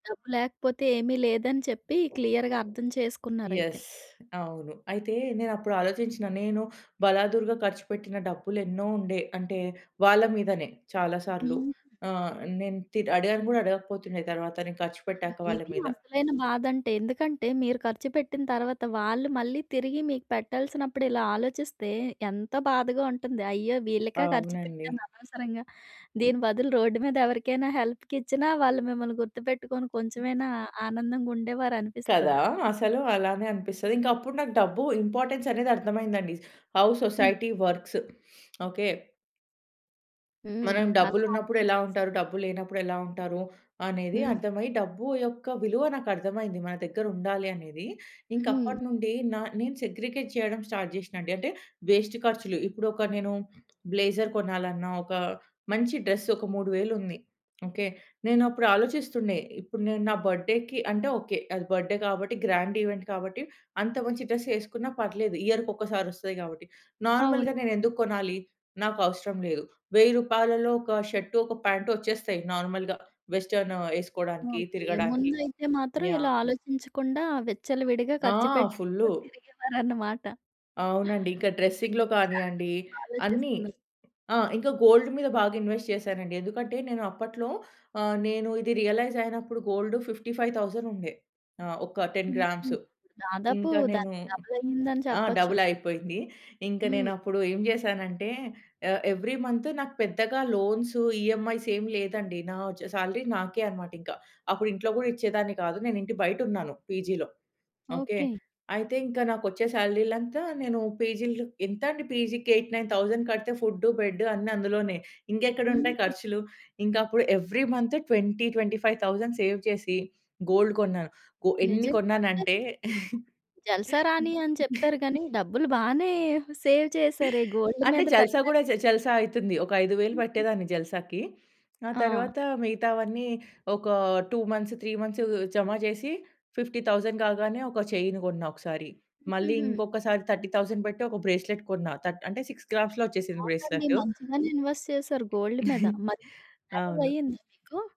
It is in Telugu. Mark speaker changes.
Speaker 1: డబ్బు లేకపోతే ఏమీ లేదని చెప్పి క్లియర్‌గా అర్థం చేసుకున్నారైతే.
Speaker 2: యెస్. అవును. అయితే నేనప్పుడు ఆలోచించిన. నేను బలాదురుగా ఖర్చుపెట్టిన డబ్బులెన్నో ఉండే. అంటే వాళ్ళ మీదనే చాలా సార్లు.
Speaker 1: హ్మ్.
Speaker 2: ఆ! నేను తి అడిగాను గూడా అడగకపోతుండే తరువాత నేను ఖర్చు
Speaker 1: అయ్యో!
Speaker 2: పెట్టాక వాళ్ళ
Speaker 1: ఇది
Speaker 2: మీద.
Speaker 1: అసలైన బాధంటే. ఎందుకంటే, మీరు ఖర్చుపెట్టిన తర్వాత వాళ్ళు మళ్ళీ తిరిగి మీకు పెట్టాల్సినప్పుడిలా ఆలోచిస్తే ఎంత బాధగా ఉంటుంది? అయ్యో!
Speaker 2: ఆ!
Speaker 1: వీళ్ళక ఖర్చు
Speaker 2: అవునండి.
Speaker 1: పెట్టాను అనవసరంగా. దీని బదులు రోడ్డు మీద ఎవరికైనా హెల్ప్‌కిచ్చిన వాళ్ళు మిమ్మల్ని గుర్తుపెట్టుకొని
Speaker 2: హ్మ్.
Speaker 1: కొంచెమైనా ఆనందంగా
Speaker 2: కదా!
Speaker 1: ఉండేవారనిపిస్తది.
Speaker 2: అసలు అలానే అనిపిస్తది. ఇంకా అప్పుడు నాకు డబ్బు ఇంపార్టెన్స్ అనేది అర్ధమయిందండి. How
Speaker 1: hmm.
Speaker 2: Society works. Okay.
Speaker 1: హ్మ్.
Speaker 2: మనం
Speaker 1: అది
Speaker 2: డబ్బులున్నప్పుడు
Speaker 1: అర్ధం
Speaker 2: ఎలా
Speaker 1: చేససుకొని.
Speaker 2: ఉంటారు? డబ్బులు లేనప్పుడు ఎలా ఉంటారు? అనేది
Speaker 1: హ్మ్.
Speaker 2: అర్థమై డబ్బు యొక్క విలువ నాకర్థమైంది. మన దగ్గర ఉండాలి అనేది. ఇంక
Speaker 1: హ్మ్.
Speaker 2: అప్పటినుండి నా నేను సెగ్రిగేట్ జేయడం స్టార్ట్ జేషినండి. అంటే వేస్ట్ ఖర్చులు ఇప్పుడొక నేను బ్లేజర్ కొనాలన్నా, ఒక మంచి డ్రెస్ ఒక మూడు వేలుంది. ఓకే? నేనప్పుడు ఆలోచిస్తుండే. ఇప్పుడు నేను నా బర్త్‌డేకి అంటే ఓకే. అది బర్త్‌డే గాబట్టి, గ్రాండ్ ఈవెంట్ కాబట్టి అంత మంచి డ్రెస్ ఏసుకున్న పర్లేదు. ఇయర్‌కి కొక్కసారి ఒస్తాయి గాబట్టి.
Speaker 1: అవును.
Speaker 2: నార్మల్‌గా నేనెందుకు కొనాలి? నాకవసరం లేదు. రూ. 1000లో ఒక షర్ట్, ఒక ప్యాంటు ఒచ్చేస్తాయి. నార్మల్‌గా వెస్టర్న్ ఏసుకోడానికి
Speaker 1: ఓకే.
Speaker 2: తిరగడానికి.
Speaker 1: ముందైతే మాత్రం ఇలా
Speaker 2: యాహ్!
Speaker 1: ఆలోచించకుండా విచ్చలవిడిగా
Speaker 2: ఆ! ఫుల్లు.
Speaker 1: ఖర్చుపెట్టికొని తిరిగేవారనమాట.
Speaker 2: అవునండి. ఇంకా డ్రెసింగ్‌లో
Speaker 1: చాలా
Speaker 2: కానీయండి,
Speaker 1: బాగా
Speaker 2: అన్ని.
Speaker 1: ఆలోచిస్తున్నారు.
Speaker 2: ఆ! ఇంకా గోల్డ్ మీద బాగా ఇన్‌వెస్ట్ చేసానండి. ఎందుకంటే, నేను అప్పట్లో ఆహ్, నేను ఇది రియలైజ్ అయినప్పుడు గోల్డ్ 55,000 ఉండే. ఆ! ఒక 10
Speaker 1: హుహు.
Speaker 2: గ్రామ్స్.
Speaker 1: దాదాపు
Speaker 2: ఇంకా నేను
Speaker 1: దానికి డబులయ్యిందని
Speaker 2: ఆ!
Speaker 1: చెప్పొచ్చు.
Speaker 2: డబుల్ అయిపోయింది. ఇంక
Speaker 1: హ్మ్.
Speaker 2: నేనప్పుడు ఏం జేసానంటే, ఆహ్, ఎవ్రీ మంత్ నాకు పెద్దగా లోన్సు, ఈఎమ్‌ఐస్ ఏం లేదండి. నా ఒచ్చే సాలరీ నాకే అన్నమాట ఇంక. అప్పుడు ఇంట్లో గూడా ఇచ్చేదాన్ని గాదు. నేనింటి బయటున్నాను. పీజీ‌లో. ఓకే?
Speaker 1: ఓకే.
Speaker 2: అయితే ఇంకా నాకు ఒచ్చే సాలరీలంత నేను పీజీ ఎంతండీ? పీజీ‌కి 8000, 9000 కడితే ఫుడ్డు, బెడ్డు అన్ని అందులోనే. ఇంకెక్కడ ఉంటాయి
Speaker 1: హుహు.
Speaker 2: ఖర్చులు? ఇంకప్పుడు ఎవ్రీ మంత్ 20,000, 25,000 సేవ్ చేసి, గోల్డ్ కొన్నాను. గో ఎన్ని
Speaker 1: నిజంగా. అంటే
Speaker 2: కొన్నానంటే
Speaker 1: మీరు జల్సా రాణి అని చెప్పారు గానీ, డబ్బులు బానే సేవ్ చేసారే! గోల్డ్
Speaker 2: అంటే
Speaker 1: మీద
Speaker 2: జల్సా
Speaker 1: పెట్టారు.
Speaker 2: గూడా జే జల్సా అయితుంది. ఒక 5000
Speaker 1: హుహు.
Speaker 2: పట్టేదాన్ని జల్సాకి. ఆ
Speaker 1: ఆ!
Speaker 2: తర్వాత మిగతావన్నీ ఒక 2 మంత్స్, 3 మంత్స్ జమ జేసి, 50,000 కాగానే ఒక చైన్ గొన్నా ఒకసారి. మళ్ళీ
Speaker 1: హుహు.
Speaker 2: ఇంకొకసారి 30,000 బెట్టి ఒక బ్రేస్‌లెట్ కొన్నా. తట్ అంటే 6 గ్రామ్స్‌లో ఒచ్చేసింది
Speaker 1: అవునండి.
Speaker 2: బ్రేస్లెటు.
Speaker 1: మంచిగానే ఇన్‌వెస్ట్ చేశారు గోల్డ్ మీద. మరి మ్యారేజ్
Speaker 2: అవును.
Speaker 1: అయిందా మీకు?